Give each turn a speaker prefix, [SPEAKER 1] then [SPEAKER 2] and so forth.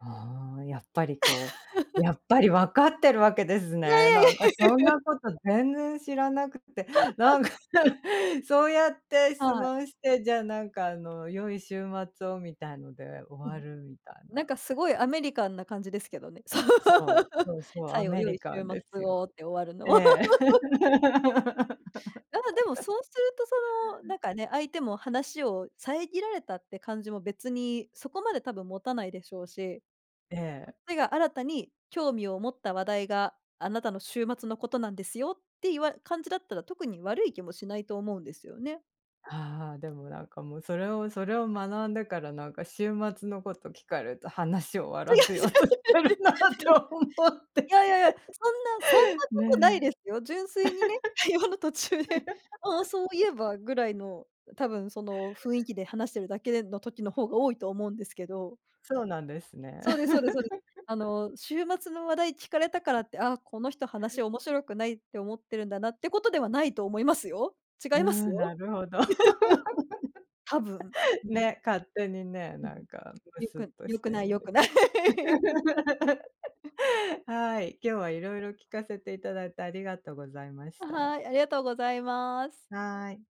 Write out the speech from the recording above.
[SPEAKER 1] ああ。やっぱり、こう、や っぱりわかってるわけです
[SPEAKER 2] いやい
[SPEAKER 1] ね。
[SPEAKER 2] やいやい
[SPEAKER 1] なんか、
[SPEAKER 2] や
[SPEAKER 1] そん
[SPEAKER 2] いや。
[SPEAKER 1] なこと全然知らなくて、な んか、そうやって
[SPEAKER 2] は
[SPEAKER 1] 質
[SPEAKER 2] い。
[SPEAKER 1] 問して、じゃ、なんか、あの、良い週末をみたいので終
[SPEAKER 2] う
[SPEAKER 1] わ
[SPEAKER 2] ん。
[SPEAKER 1] るみたい
[SPEAKER 2] なん
[SPEAKER 1] な。
[SPEAKER 2] か、すごいアメリカンな感じですけどね。そう。
[SPEAKER 1] そう、そうそう、ア
[SPEAKER 2] 最後
[SPEAKER 1] メ
[SPEAKER 2] 良い
[SPEAKER 1] リカ
[SPEAKER 2] 週
[SPEAKER 1] ンで
[SPEAKER 2] 末
[SPEAKER 1] すよ。
[SPEAKER 2] をって終わるの。
[SPEAKER 1] ええ。
[SPEAKER 2] やっぱ、でも、そうすると、その、なんかね、相手も話を遮られたって感じも別にそこまで多分持たないでしょうし。
[SPEAKER 1] え
[SPEAKER 2] こ
[SPEAKER 1] え。
[SPEAKER 2] っちが新たに興味を持った話題が、あなたの週末のことなんですよっていわ感じだったら、特に悪い気もしないと思うんですよね。
[SPEAKER 1] ああ、でも、なんか、もう、それを、それを学んでから、なんか、週末のこと聞かれると話終わ
[SPEAKER 2] 違う、違いますって。
[SPEAKER 1] らせようとしてるなと思っ
[SPEAKER 2] 違
[SPEAKER 1] て。
[SPEAKER 2] いやいやいや、そんなそんなことない
[SPEAKER 1] ね。
[SPEAKER 2] ですよ。純粋にね、会話の途中で、ああそうい えば、ぐらいの、多分、その、雰囲気で話してるだけの時の方が多いと思うんですけど。
[SPEAKER 1] そうなんですね。
[SPEAKER 2] そうですそうですそうです。あ の、週末の話題聞かれたからって、ああ、この人話面白くないって思ってるんだなってことではないと思いますよ。違
[SPEAKER 1] うー
[SPEAKER 2] います
[SPEAKER 1] ん、
[SPEAKER 2] よ。
[SPEAKER 1] なるほど。
[SPEAKER 2] 多分。う ん。
[SPEAKER 1] ね、勝手にね、
[SPEAKER 2] ぜ
[SPEAKER 1] なんか、む
[SPEAKER 2] ひ。よ
[SPEAKER 1] すっ
[SPEAKER 2] く
[SPEAKER 1] と
[SPEAKER 2] 良
[SPEAKER 1] し
[SPEAKER 2] く
[SPEAKER 1] て
[SPEAKER 2] ない、
[SPEAKER 1] るん
[SPEAKER 2] 良
[SPEAKER 1] で
[SPEAKER 2] く
[SPEAKER 1] す。
[SPEAKER 2] ない。
[SPEAKER 1] はい、
[SPEAKER 2] うん。
[SPEAKER 1] 今日はいろいろ聞かせていただいて、ありがとうございまし
[SPEAKER 2] あ、
[SPEAKER 1] た。
[SPEAKER 2] はい、ありがとうございます。
[SPEAKER 1] はい。